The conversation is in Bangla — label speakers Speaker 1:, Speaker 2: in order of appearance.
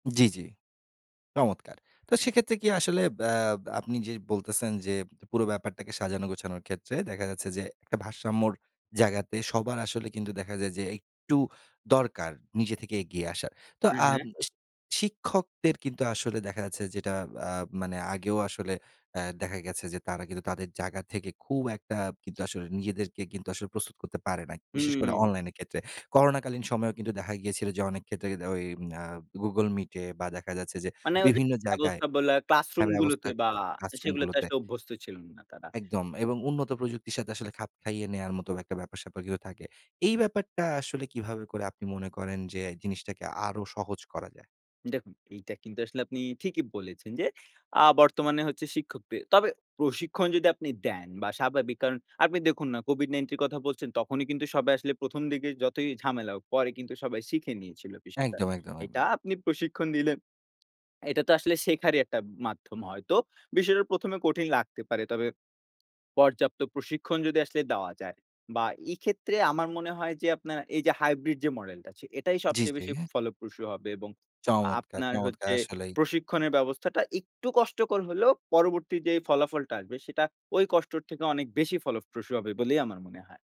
Speaker 1: জ্বী, জ্বী। চমৎকার! তো সেক্ষেত্রে কি আসলে ব্যা আপনি যে বলতেছেন যে পুরো ব্যাপারটাকে সাজানো গোছানোর ক্ষেত্রে দেখা যাচ্ছে যে, একটা ভারসাম্যর জায়গাতে সবার আসলে কিন্তু দেখা যায় যে, একটু দরকার নিজে থেকে এগিয়ে আসার। তো
Speaker 2: হু, হু।
Speaker 1: আম শিক্ষকদের কিন্তু আসলে দেখা যাচ্ছে যেটা আ মানে আগেও আসলে অ্যা দেখা গেছে যে, তারা কিন্তু তাদের জায়গা থেকে খুব একটা কিন্তু আসলে নিজেদেরকে কিন্তু আসলে প্রস্তুত করতে পারে না। বিশেষ করে
Speaker 2: হুম।
Speaker 1: অনলাইন এর ক্ষেত্রে। করোনাকালীন সময়েও কিন্তু দেখা গিয়েছিল যে অনেক ক্ষেত্রে দে ওই আ google Meet এ বা দেখা যাচ্ছে যে
Speaker 2: মানে ওই যে
Speaker 1: বিভিন্ন জায়গায়
Speaker 2: ব্যবস্থা বলা,
Speaker 1: হ্যাঁ,
Speaker 2: ক্লাসরুম
Speaker 1: ব্যবস্থা
Speaker 2: গুলাতে
Speaker 1: ক
Speaker 2: বা
Speaker 1: ক্লাসরুম
Speaker 2: সেগুলোতে
Speaker 1: গুলোতে
Speaker 2: আসলে অভ্যস্ত ছিলেন না তারা।
Speaker 1: একদম এবং উন্নত প্রযুক্তির সাথে আসলে খাপ খাইয়ে নেয়ার মতো একটা ব্যাপার-স্যাপার কিন্তু থাকে। এই ব্যাপারটা আসলে কিভাবে করে আপনি মনে করেন যে জিনিসটাকে আরো সহজ করা যায়?
Speaker 2: দেখুন, এইটা কিন্তু আসলে আপনি ঠিকিই বলেছেন, যে আ বর্তমানে হচ্ছে শিক্ষকদের তবে প্রশিক্ষণ যদি আপনি দেন বা স্বাভাবিক। কারণ আপনি দেখুন, না COVID-19 এর কথা বলছেন। তখনই কিন্তু সবাই আসলে ১ম, দিকে যতই ঝামেলা হোক, পরে কিন্তু সবাই শিখে নিয়েছিল বিষয়টা।
Speaker 1: একদম, একদম,
Speaker 2: এটা
Speaker 1: একদম।
Speaker 2: আপনি প্রশিক্ষণ দিলেন। এটা তো আসলে শেখারি একটা মাধ্যম হয়তো। বিষয়টা ১ম, এ কঠিন লাগতে পারে। তবে পর্যাপ্ত প্রশিক্ষণ যদি আসলে দেওয়া যায় বা এক্ষেত্রে আমার মনে হয় যে আপনার এই যে হাইব্রিড যে মডেলটা আছে। এটাই
Speaker 1: জি,
Speaker 2: সবচেয়ে
Speaker 1: জি।
Speaker 2: বেশি ফলপ্রসূ হবে এবং
Speaker 1: চমৎকার,
Speaker 2: আপনার
Speaker 1: চমৎকার!
Speaker 2: হচ্ছে
Speaker 1: আসলেই।
Speaker 2: প্রশিক্ষণের ব্যবস্থাটা একটু কষ্টকর হলেও পরবর্তী যেই ফলাফলটা আসবে সেটা ওই কষ্টর থেকে অনেক বেশি ফলপ্রসূ হবে বলেই আমার মনে হয়।